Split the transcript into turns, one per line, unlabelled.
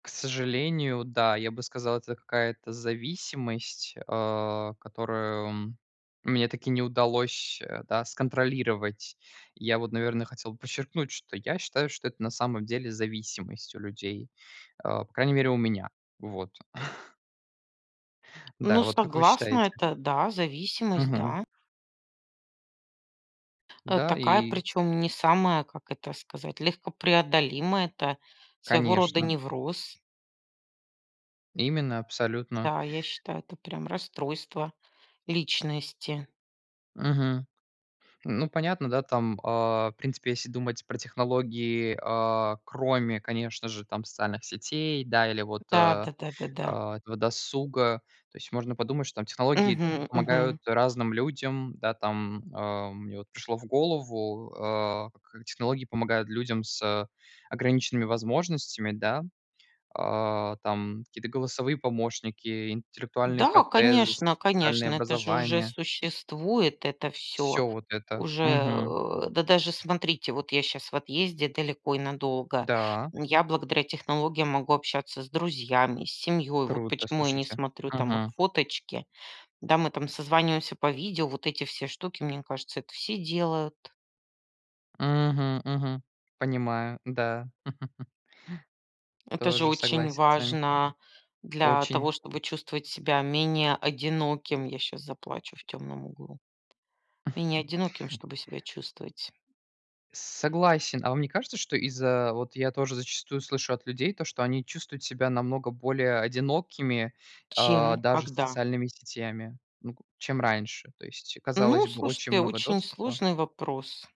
К сожалению, да. Я бы сказал, это какая-то зависимость, а, которую мне так и не удалось, э, да, сконтролировать. Я вот, наверное, хотел подчеркнуть, что я считаю, что это на самом деле зависимость у людей. А, по крайней мере, у меня. Вот. Да.
Ну,
Вот как вы
согласна,
считаете?
это да, зависимость,
Мгм.
да. Э,
Да.
такая,
И
причем, не самая, как это сказать, легко преодолимая. Это своего рода
Конечно.
невроз.
Именно. Абсолютно.
Да, я считаю, это прям расстройство личности.
Мгм. Ну, понятно, да, там, а, в принципе, если думать про технологии, а, кроме, конечно же, там, социальных сетей, да. Или вот,
Да
э,
да да да да.
а, этого досуга. То есть можно подумать, что, там, технологии т
Мгм
помогают
мгм.
разным людям. Да, там, а. Мне вот пришло в голову, э, как технологии помогают людям с ограниченными возможностями, да. А, там, какие-то голосовые помощники, интеллектуальные
Да,
протезы,
конечно
специальные
конечно, это же уже
образования.
существует это всё.
Всё вот это.
Уже,
Мгм.
э да, даже смотрите, вот я щас в отъезде далеко и надолго.
Да.
М, я, благодаря технологиям, могу общаться с друзьями, с семьей. Вот
Круто,
почему я не
слушайте.
смотрю, там, их
Мгм.
фоточки. Да, мы, там, созваниваемся по видео, вот эти все штуки, мне кажется, это все делают.
Мгм. Мгм. Понимаю. Да.
Это же
Тоже
очень
согласен с вами.
важно, для
Очень.
того чтобы чувствовать себя менее одиноким. Я щас заплачу в темном углу. Менее одиноким, чтобы себя чувствовать.
Cогласен. А вам не кажется, что из-за вот я тоже зачастую слышу от людей то, что они чувствуют себя намного более одинокими, а,
Чем?
даже с
Когда?
социальными сетями. Ну, к чем раньше, то есть,
Ну,
казалось бы, очень
слушайте,
много
очень
доступа.
сложный вопрос.